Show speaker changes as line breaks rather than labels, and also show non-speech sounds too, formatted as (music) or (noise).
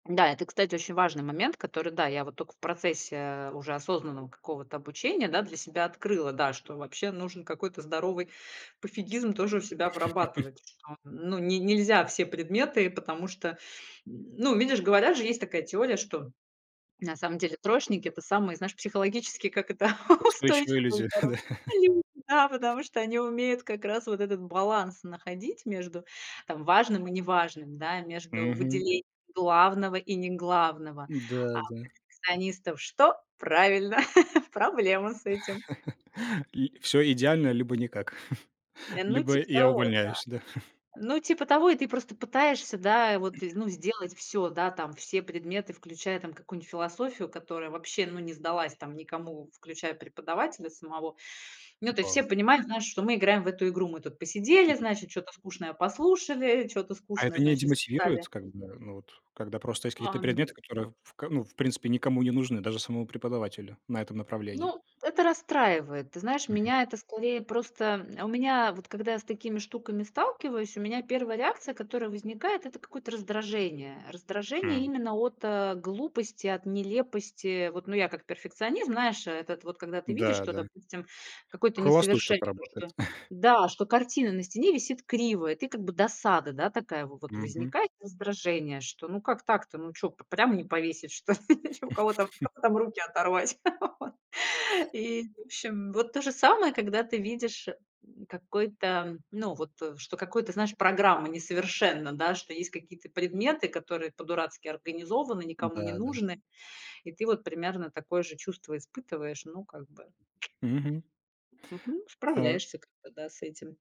Да, это, кстати, очень важный момент, который, да, я вот тока в процессе уже осознанного какого-то обучения, да, для себя открыла, да. Что вообще нужен какой-то здоровый пофигизм тоже у себя
(laughs)
вырабатывать. Что, ну, не нельзя все предметы, потому что ну, видишь, говорят же есть такая теория, что на самом деле троечники- это самые, знаешь, психологически, как это, (laughs)
Устойчивые
устойчивые и
люди.
здоровые
Да.
люди. Да. Потому что они умеют как раз вот этот баланс находить между, там, важным и неважным, да, между
Мгм.
выделением главного и неглавного. А у
Да, да.
перфекционистов что? Правильно! (chuckles) Проблема с этим.
(chuckles) Ль всё идеально, либо никак, (chuckles)
Ну
либо
типа
я
того, да.
увольняюсь, да. (chuckles)
Ну типа того, и ты просто пытаешься, да, вот,
(clears throat)
ну, сделать всё. Да, там все предметы, включая, там какую-нибудь философию, которая вообще ну не сдалась, там, никому, включая преподавателя самого. Ну, то есть
Да.
все понимают, знаешь, что мы играем в эту игру. Мы тут посидели, значит, чё-то скучное послушали, чё-то
А
скучное,
это не
значит,
демотивирует,
зале
как бы, ну вот? Когда просто есть какие-то
Ам.
предметы, которые в к ну, в принципе, никому не нужны, даже самому преподавателю на этом направлении.
Ну, это расстраивает. Ты знаешь,
Мгм.
меня это скорее просто м У меня, вот когда я с такими штуками сталкиваюсь, у меня 1 реакция, которая возникает- это какое-то раздражение. Раздражение
М.
именно от, э, глупости, от нелепости. Вот, ну, я как перфекционизм, знаешь, этот вот, когда ты видишь,
Да,
что,
да.
допустим, какое-то
Вхолостую что-то
несовершенство,
работает.
что
(chuckles)
Да! Что картина на стене висит криво, и ты как бы досада, да, такая вот
Мгм.
возникает, раздражение, что ну как так-то? Ну чё п прямо не повесить что ли? (chuckles) У кого там, у
(laughs)
кого-то там руки оторвать, вот? (laughs) И, в общем, вот то же самое, когда ты видишь, м, какой-то ну, вот что какой-то, знаешь программа несовершенна, да. Что есть какие-то предметы, которые по-дурацки организованы, никому не
Да, да.
нужны, и ты вот примерно такое же чувство испытываешь, ну, как бы.
Мгм.
Мгм.
Э
Справляешься как-то, да, с этим.